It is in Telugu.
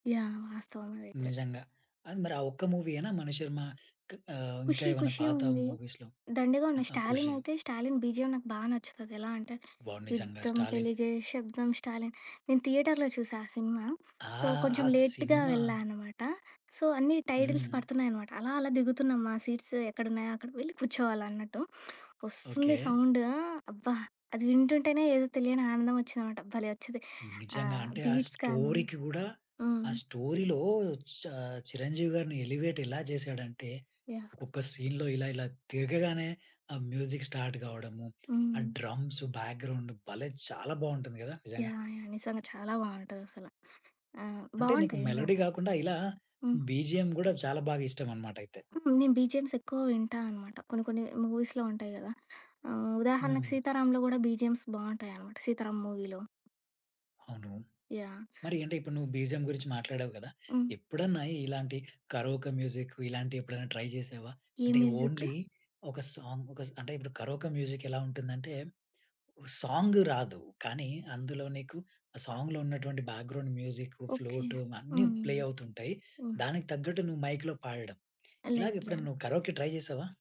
యాహ్! వాస్తవమదైతే. నిజంగా. అది మరి ఆ ఒక్క మూవీయేనా మణిశర్మ క్ ఆహ్, ఇంకా 'ఖుషీ ఏమైనా ఖుషీ' పాత ఉంది. మూవీస్‌లో. దండిగా ఉన్నాయి ఆహ్, 'స్టాలిన్' 'ఖుషి'. అయితే 'స్టాలిన్' బిజిఎమ్ నాకు బా నచ్చుతది. ఎలా అంటే, వావ్! నిజంగా యుద్ధం 'స్టాలిన్'. పెలిగే శబ్దం స్టాలిన్ నేను థియేటర్‌లో చూసా ఆ సినిమా. ఆ! సో, కొంచెం ఆ లేట్‌గా సినిమా వెళ్ళా అన్నమాట. సో, అన్నీ టైటిల్స్ హ్మ్. పడుతున్నాయన్నమాట, అలా, అలా దిగుతున్నాం. మా సీట్స్ ఎక్కడున్నాయో అక్కడికి వెళ్లి కూర్చోవాలన్నట్టు. వస్తుంది ఓకే. సౌండు అబ్బా! అది వింటుంటేనే ఏదో తెలియని ఆనందమచ్చిందన్నమాట. భలే వచ్చిద్ది. నిజంగా ఆహ్, అంటే, ఆ బీట్స్ కానీ స్టోరీకి గూడా హ్మ్. ఆ స్టోరీలో ఆహ్, చ చిరంజీవి గారిని ఎలివేట్ ఎలా చేసాడంటే, యాహ్! ఒక సీన్‌లో ఇలా, ఇలా తిరగగానే ఆ మ్యూజిక్ స్టార్ట్ గావడము, ఆ హ్మ్. డ్రమ్స్ బ్యాక్‌గ్రౌండ్ భలే చాలా బాగుంటుంది గదా! నిజంగా! యాహ్! యాహ్! నిజంగా చాలా బావుంటదసల. ఆ! అంటే నీకు బావుంటాయి మెలోడీ నిజంగా. గాకుండా, ఇలా హ్మ్. బిజిఎమ్ గూడా చాలా బాగా ఇష్టమన్నమాటైతే? హ్మ్. నేను బిజిఎమ్స్ ఎక్కువ వింటా అన్నమాట. కొన్ని, కొన్ని మూవీస్‌లో ఉంటాయి గదా! ఆహ్, ఉదాహరణకు హ్మ్. 'సీతారాంలో' కూడా బిజిఎమ్స్ బావుంటాయన్నమాట, 'సీతారాం' మూవీలో. అవును. యాహ్! మరి అంటే, ఇప్పుడు నువ్వు బిజిఎమ్ గురించి మాట్లాడావు గదా! హ్మ్. ఎప్పుడన్నా ఇలాంటి కరోకా మ్యూజిక్ ఇలాంటివి ఎప్పుడైనా ట్రై జేశావా? ఏ అంటే మ్యూజిక్? ఓన్లీ ఒక సాంగ్ ఒక స్ అంటే ఇప్పుడు కరోకా మ్యూజిక్ ఎలా ఉంటుందంటే, సాంగ్ రాదు. కానీ, అందులో నీకు ఆ సాంగ్‌లో ఉన్నటువంటి బ్యాక్‌గ్రౌండ్ మ్యూజిక్, ఓకే. ఫ్లూట్ అన్నీ హ్మ్. ప్లే అవుతుంటాయి. హ్మ్. దానికి తగ్గట్టు నువ్వు మైక్‌లో పాడడం, ఇలాగ లేదులే. ఎప్పుడన్నా నువ్వు కరోకే ట్రై జేశావా?